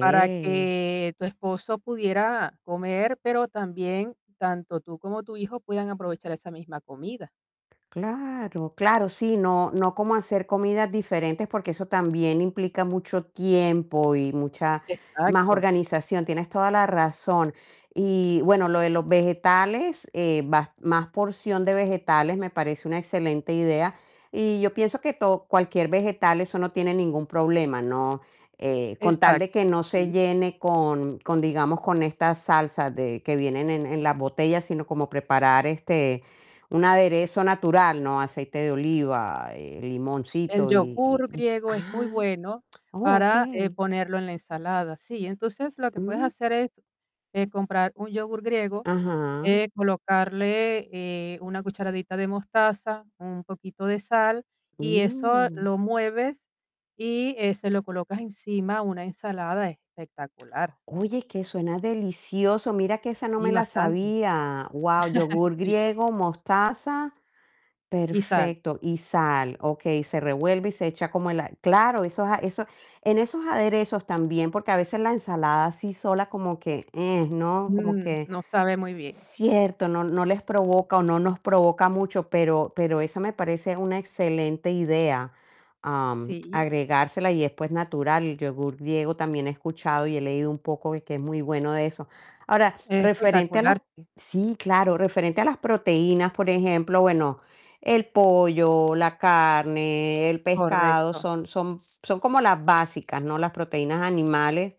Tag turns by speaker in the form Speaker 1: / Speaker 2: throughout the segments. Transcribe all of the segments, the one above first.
Speaker 1: Para que tu esposo pudiera comer, pero también tanto tú como tu hijo puedan aprovechar esa misma comida.
Speaker 2: Claro, claro, sí, no no como hacer comidas diferentes, porque eso también implica mucho tiempo y mucha más
Speaker 1: Exacto.
Speaker 2: organización. Tienes toda la razón. Y bueno, lo de los vegetales, eh, vas más porción de vegetales me parece una excelente idea, y yo pienso que to cualquier vegetal, eso no tiene ningún problema, ¿no? Eh, con tal
Speaker 1: Exacto,
Speaker 2: de que no se
Speaker 1: sí.
Speaker 2: llene con con, digamos, con estas salsas de que vienen en en las botellas, sino como preparar, este, un aderezo natural, ¿no? Aceite de oliva, eh,
Speaker 1: El
Speaker 2: limoncito y y
Speaker 1: yogur
Speaker 2: y
Speaker 1: griego es muy
Speaker 2: Ah,
Speaker 1: bueno
Speaker 2: oh,
Speaker 1: para, eh,
Speaker 2: okey.
Speaker 1: ponerlo en la ensalada. Sí, entonces, lo que puedes
Speaker 2: Mm.
Speaker 1: hacer es, eh, comprar un yogur griego,
Speaker 2: Ajá.
Speaker 1: eh, colocarle, eh, una cucharadita de mostaza, un poquito de sal y eso
Speaker 2: Mm.
Speaker 1: lo mueves, y, eh, se lo colocas encima a una ensalada espectacular.
Speaker 2: Oye, que suena delicioso. Mira que esa no
Speaker 1: Sí,
Speaker 2: me la
Speaker 1: bastante.
Speaker 2: sabía. Guau. Yogur
Speaker 1: Sí.
Speaker 2: griego, mostaza.
Speaker 1: Y sal.
Speaker 2: Perfecto Y sal. Okey, se revuelve y se echa como la claro, esos a eso en esos aderezos también, porque a veces la ensalada así sola como que eh, ¿no? Como
Speaker 1: Mm,
Speaker 2: que
Speaker 1: no sabe muy bien.
Speaker 2: cierto no, no les provoca o no nos provoca mucho, pero pero esa me parece una excelente idea, am,
Speaker 1: Sí.
Speaker 2: agregársela, y después natural. El yogur griego también he escuchado y he leído un poco de que es muy bueno de eso. Ahora, referente a las
Speaker 1: Espectacular, sí.
Speaker 2: sí, claro, referente a las proteínas, por ejemplo, bueno, el pollo, la carne, el pescado
Speaker 1: Correcto.
Speaker 2: son son son como las básicas, ¿no? Las proteínas animales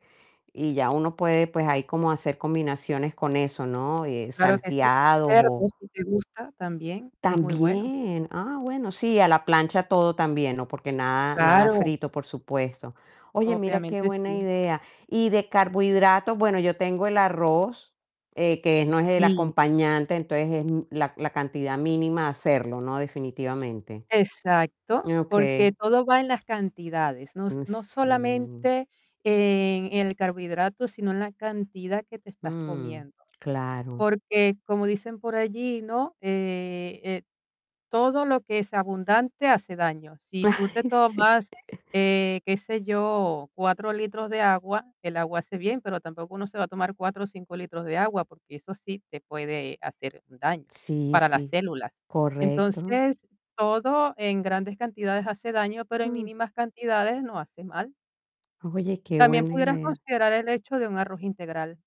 Speaker 2: y ya uno puede, pues, ahí como hacer combinaciones con eso, ¿no? Eh,
Speaker 1: Claro que sí,
Speaker 2: salteados,
Speaker 1: cerdo,
Speaker 2: o
Speaker 1: si te gusta también es muy bueno.
Speaker 2: También Ah, bueno, sí, a la plancha todo también, ¿no? Porque nada, nada
Speaker 1: Claro.
Speaker 2: frito, por supuesto. Oye, mira qué
Speaker 1: Obviamente
Speaker 2: buena
Speaker 1: sí.
Speaker 2: idea. Y de carbohidratos, bueno, yo tengo el arroz, eh, que no es el
Speaker 1: Sí.
Speaker 2: acompañante, entonces, es la la cantidad mínima hacerlo, ¿no? Definitivamente.
Speaker 1: Exacto, porque
Speaker 2: Okey.
Speaker 1: todo va en las cantidades. No,
Speaker 2: Mm,
Speaker 1: no
Speaker 2: sí.
Speaker 1: solamente en el carbohidrato, sino en la cantidad que te estás
Speaker 2: Mm,
Speaker 1: comiendo.
Speaker 2: claro.
Speaker 1: Porque como dicen por allí, ¿no? Eh eh, todo lo que es abundante hace daño. Si tú te
Speaker 2: Sí.
Speaker 1: tomas, eh, qué sé yo, 4 litros de agua, el agua hace bien, pero tampoco uno se va a tomar 4 o 5 litros de agua, porque eso sí te puede hacer un daño
Speaker 2: Sí,
Speaker 1: para las
Speaker 2: sí.
Speaker 1: células.
Speaker 2: Correcto.
Speaker 1: Entonces, todo en grandes cantidades hace daño, pero en
Speaker 2: Mm.
Speaker 1: mínimas cantidades no hace mal.
Speaker 2: Oye, qué
Speaker 1: También
Speaker 2: buena
Speaker 1: pudieras
Speaker 2: idea.
Speaker 1: considerar el hecho de un arroz integral.